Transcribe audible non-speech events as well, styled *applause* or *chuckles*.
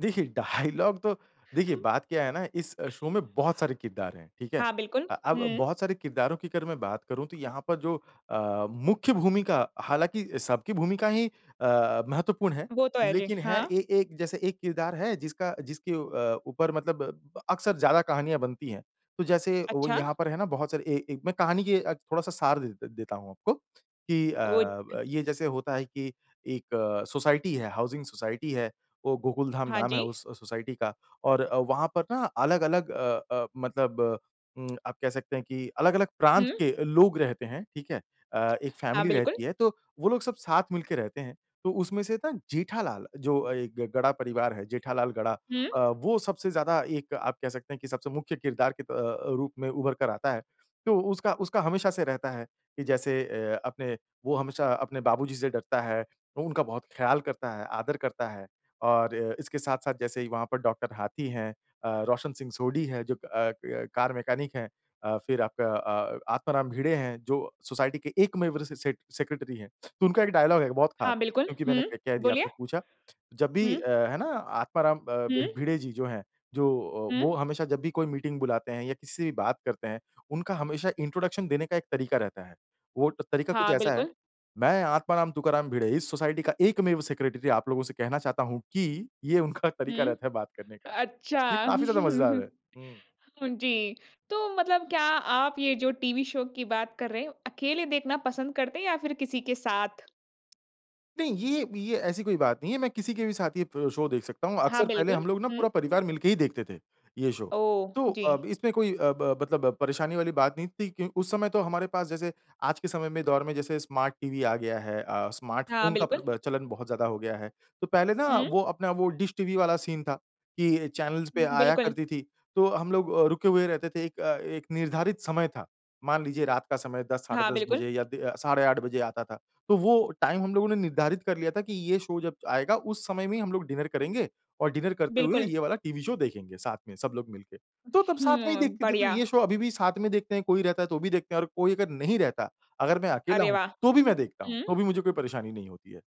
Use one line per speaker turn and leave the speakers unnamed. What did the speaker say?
देखिए डायलॉग तो देखिए बात क्या है ना इस
*chuckles*
शो में बहुत सारे किरदार हैं, ठीक है।
हाँ, बिल्कुल।
अ अब
हुँ।
बहुत सारे किरदारों की अगर मैं बात करूँ तो यहाँ पर जो अ, मुख्य भूमिका हालाँकि सबकी भूमिका ही अ, महत्वपूर्ण है।
वो तो है। जी।
लेकिन है
हाँ।
एक एक जैसे एक किरदार है जिसका जिसके अ, ऊपर मतलब अक्सर ज़्यादा कहानियाँ बनती हैं। तो जैसे वो
अच्छा।
यहाँ पर है ना बहुत सारे ए ए मैं कहानी की अ, थोड़ा-सा सार देत देता हूँ आपको कि
ओ। *unintelligible*
अ, ये जैसे होता है कि एक सोसाइटी है, हाउसिंग सोसाइटी है। वो गोकुलधाम
हाँ
नाम
जी।
है उस सोसाइटी का और वहाँ पर ना अलग-अलग अ अ, मतलब उ, *smacks lips* आप कह सकते हैं कि अलग-अलग प्रांत
हुँ।
के लोग रहते हैं, ठीक है? अ, एक
हाँ,
फैमिली रहती
बिल्कुल।
है तो वो लोग सब साथ मिल के रहते हैं। तो उसमें से ना जेठालाल, जो एक गढ़ा परिवार है जेठालाल गढ़ा
हुँ।
अ, वो सबसे ज़्यादा एक आप कह सकते हैं कि सबसे मुख्य किरदार के अ, रूप में उभर कर आता है। तो उसका उसका हमेशा से रहता है कि जैसे अ, अपने वो हमेशा अपने बाबू जी से डरता है। उनका बहुत ख़्याल करता है, आदर करता है। और इसके साथ-साथ जैसे वहाँ पर डॉ. हाथी हैं, अ, रोशन सिंह सोढी हैं जो अ अ, कार मैकेनिक हैं। अ, फिर आपका अ, आत्माराम भीड़े हैं जो सोसाइटी के एकमेव अ, स स सेक्रेटरी हैं। तो उनका एक डायलॉग है बहुत खास
हाँ, बिल्कुल।
क्योंकि मैंने
हुँ,
कह कह दिया,
बोलिए।
आपने पूछा। जब भी
हुँ।
है ना, आत्माराम अ,
हुँ।
भिड़े जी जो हैं जो वो
हुँ।
हमेशा जब भी कोई मीटिंग बुलाते हैं या किसी से भी बात करते हैं, उनका हमेशा इंट्रोडक्शन देने का एक तरीका रहता है। वो तरीका कुछ
हाँ,
ऐसा है,
बिल्कुल।
"मैं आत्माराम तुकाराम भिड़े इस सोसाइटी का एकमेव सेक्रेटरी आप लोगों से कहना चाहता हूँ कि" ये उनका तरीका
हुँ।
रहता है बात करने का।
अच्छा।
ये काफ़ी ज़्यादा मज़ेदार है।
*chuckles*
हुँ।
जी। तो मतलब क्या आप ये जो टीवी शो की बात कर रहे हैं, अकेले देखना पसंद करते हैं या फिर किसी के साथ?
नहीं, ये ये ऐसी कोई बात नहीं है। मैं किसी के भी साथ ये शो देख सकता हूँ।
हाँ,
अक्सर पहले
बिल्कुल।
हम लोग ना पूरा
हुँ।
परिवार मिलके ही देखते थे, ये शो।
ओह!
तो
जी।
अब इसमें कोई अ ब मतलब परेशानी वाली बात नहीं थी कि उस समय तो हमारे पास जैसे आज के समय में, दौर में जैसे स्मार्ट टीवी आ गया है अ, स्मार्ट
हाँ,
फ़ोन का
बिल्कुल।
प्र चलन बहुत ज़्यादा हो गया है। तो पहले ना
हुँ।
वो अपना वो डिश टीवी वाला सीन था कि चैनलज़ पे
हुँ,
आया
बिल्कुल।
करती थी। तो हम लोग अ, रुके हुए रहते थे अ, एक एक निर्धारित समय था। मान लीजिए रात का समय 10 साढ़े
हाँ,
10
बिल्कुल।
बजे या दी साढ़े 8 बजे आता था। तो वो टाइम हम लोगों ने निर्धारित कर लिया था कि ये शो जब आएगा उस समय में ही हम लोग डिनर करेंगे और डिनर करते हुए
बिल्कुल।
ये वाला टीवी शो देखेंगे, साथ में सब लोग मिलके। तो तब साथ में ही
हुँ,
देखते थे। तो
बढ़िया।
ये शो अभी भी साथ में देखते हैं कोई रहता है तो भी देखते हैं और कोई अगर नहीं रहता, अगर मैं अकेला
अरे
हूँ,
वाह।
तो भी मैं देखता हूँ। तो
हुँ।
भी मुझे कोई परेशानी नहीं होती है।